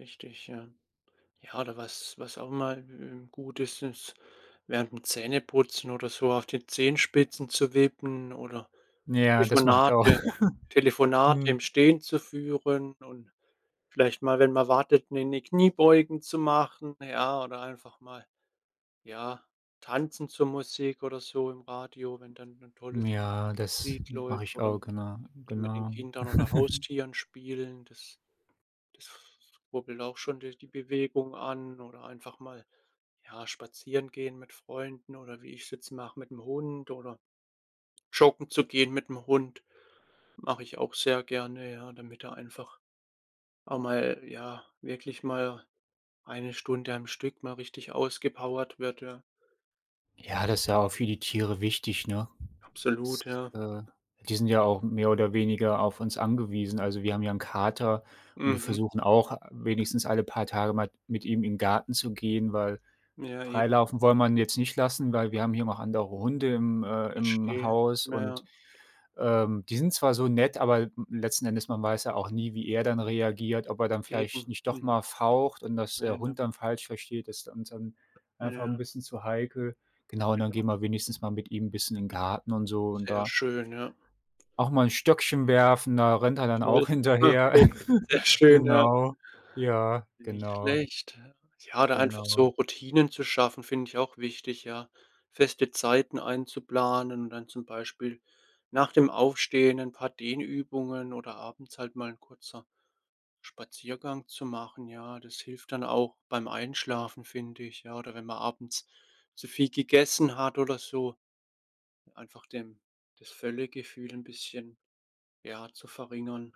Richtig, ja. Ja, oder was was auch immer, äh, gut ist, ist, während dem Zähneputzen oder so auf den Zehenspitzen zu wippen oder Ja, das mache ich auch. Telefonate Telefonate Mhm. im Stehen zu führen und vielleicht mal, wenn man wartet, 'ne 'ne Kniebeugen zu machen, ja, oder einfach mal, ja, tanzen zur Musik oder so im Radio, wenn dann 'n tolles Ja, das Lied mache läuft, ich oder auch, m genau, mit den genau. Kindern oder Haustieren spielen. Das das rubbelt auch schon de die Bewegung an oder einfach mal, ja, spazieren gehen mit Freunden oder, wie ich's jetzt mache, mit'm Hund oder joggen zu gehen mit'm Hund. Mache ich auch sehr gerne, ja, damit er einfach auch mal ja, wirklich mal 1 Stunde am Stück mal richtig ausgepowert wird, ja. Ja, das ist ja auch für die Tiere wichtig, ne? Das Absolut, ja. äh, die sind ja auch mehr oder weniger auf uns angewiesen. Also, wir haben ja 'n Kater und wir Mhm. versuchen auch, wenigstens alle paar Tage mal mit ihm in den Garten zu gehen, weil Ja, eben. freilaufen wollen wir ihn jetzt nicht lassen, weil wir haben hier noch andere Hunde im äh, im Verstehe, Haus na und, ja. ähm, die sind zwar so nett, aber letzten Endes man weiß ja auch nie, wie er dann reagiert, ob er dann vielleicht Eben, nicht doch mhm. mal faucht und das der [unintelligible] Hund dann falsch versteht. Das ist uns dann einfach Ja. 'n bisschen zu heikel. Genau, und dann Genau. gehen wir wenigstens mal mit ihm 'n bisschen in den Garten und so und Sehr da schön, ja. auch mal 'n Stöckchen werfen, da rennt er dann auch Toll. hinterher. Okay, sehr schön, ja. Genau. Ja, Nicht genau. schlecht. Ja, oder einfach Genau. so Routinen zu schaffen, finde ich auch wichtig, ja. Feste Zeiten einzuplanen und dann zum Beispiel nach dem Aufstehen ein paar Dehnübungen oder abends halt mal 'n kurzer Spaziergang zu machen. Ja, das hilft dann auch beim Einschlafen, finde ich. Ja, oder wenn man abends zu viel gegessen hat oder so, einfach dem das Völlegefühl 'n bisschen, ja, zu verringern.